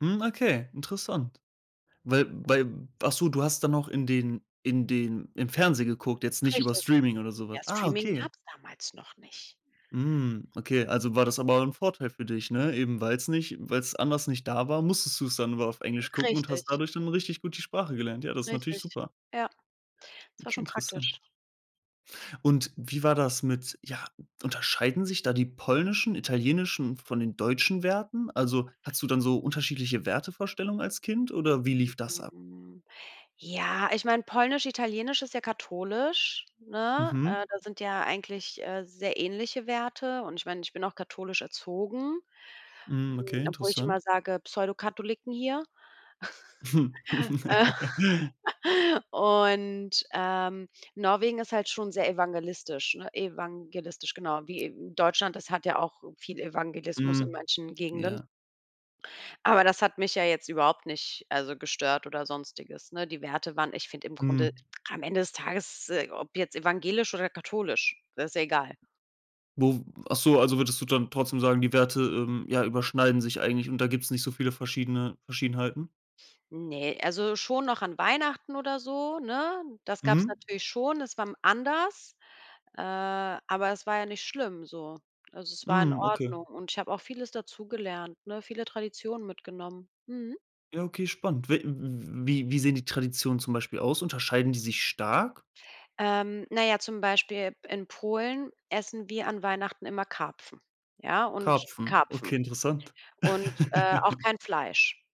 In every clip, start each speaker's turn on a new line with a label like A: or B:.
A: Hm, okay, interessant. Weil weil ach so, du hast dann noch in den in den im Fernsehen geguckt, jetzt nicht über
B: Richtig.
A: Streaming oder so
B: Ja,
A: was? Ah,
B: Streaming
A: okay.
B: gab's damals noch nicht.
A: Hm, okay. Also, war das aber 'n Vorteil für dich, ne? Eben weil's nicht weil's anders nicht da war, musstest du's dann immer auf Englisch gucken und hast
B: Richtig.
A: dadurch dann richtig gut die Sprache gelernt. Ja, das ist natürlich
B: Richtig.
A: super.
B: Ja. Es war
A: Okay,
B: schon
A: interessant.
B: praktisch.
A: Und wie war das mit, ja unterscheiden sich da die polnischen, italienischen von den deutschen Werten? Also, hattest du dann so unterschiedliche Wertevorstellungen als Kind oder wie lief das ab?
B: Ja, ich meine, polnisch, italienisch ist ja katholisch, ne? Äh,
A: Mhm.
B: da sind ja eigentlich, äh, sehr ähnliche Werte und ich meine, ich bin auch katholisch erzogen. Hm,
A: Mhm, okay,
B: obwohl ich immer
A: interessant.
B: sage Pseudo-Katholiken hier. Äh. Und, ähm, Norwegen ist halt schon sehr evangelistisch ne evangelistisch, genau. Wie Deutschland, das hat ja auch viel Evangelismus in
A: Hm.
B: manchen Gegenden.
A: Ja.
B: Aber das hat mich ja jetzt überhaupt nicht, also, gestört oder Sonstiges. Ne, die Werte waren ich finde im
A: Hm.
B: Grunde am Ende des Tages, äh, ob jetzt evangelisch oder katholisch, das ist ja egal.
A: Wo w ach so, also, würdest du dann trotzdem sagen, die Werte, ähm, ja, überschneiden sich eigentlich und da gibt's nicht so viele verschiedene Verschiedenheiten?
B: Ne, also, schon noch an Weihnachten oder so, ne? Das gab's
A: Mhm.
B: natürlich schon, es war m anders, äh, aber es war ja nicht schlimm so. Also, es war in
A: Hm, okay.
B: Ordnung und ich habe auch vieles dazugelernt, ne, viele Traditionen mitgenommen, mhm.
A: Ja, okay, spannend. We w wie wie sehen die Traditionen zum Beispiel aus? Unterscheiden die sich stark?
B: Ähm, na ja, zum Beispiel in Polen essen wir an Weihnachten immer Karpfen, ja und
A: Karpfen.
B: Karpfen.
A: Okay, interessant.
B: Und, äh, auch kein Fleisch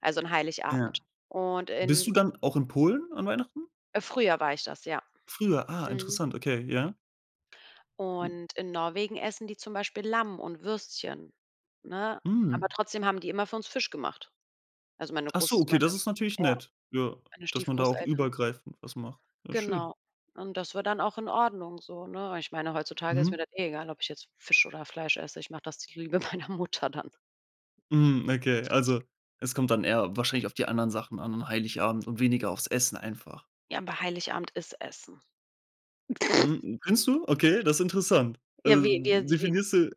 B: also, an Heiligabend.
A: Ja.
B: Und
A: Bist
B: in
A: du dann auch in Polen an Weihnachten?
B: Früher war ich das, ja.
A: Früher? Ah,
B: Mhm.
A: interessant. Okay, ja. Mhm.
B: Und in Norwegen essen die zum Beispiel Lamm und Würstchen, ne? Aber
A: Mhm.
B: trotzdem haben die immer für uns Fisch gemacht. Also, meine
A: Ach so,
B: groß
A: okay,
B: meine,
A: das ist natürlich
B: ja
A: nett, ja,
B: meine
A: dass man da auch
B: Stiefgroßeltern.
A: übergreifend was macht. Ja, schön.
B: Genau. Und das war dann auch in Ordnung so, ne? Und ich meine, heutzutage ist mir
A: Mhm.
B: das eh egal, ob ich jetzt Fisch oder Fleisch esse. Ich mache das zur Liebe meiner Mutter dann.
A: Hm, okay, also, es kommt dann eher wahrscheinlich auf die anderen Sachen an, Heiligabend und weniger aufs Essen einfach?
B: Ja, aber Heiligabend ist Essen.
A: Mhm. Findest du? Okay, das ist interessant.
B: Ja,
A: Also,
B: wir wir s wir
A: definierst du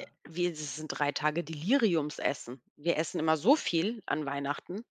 B: äh, wir si sind 3 Tage Deliriumsessen. Wir essen immer so viel, an Weihnachten.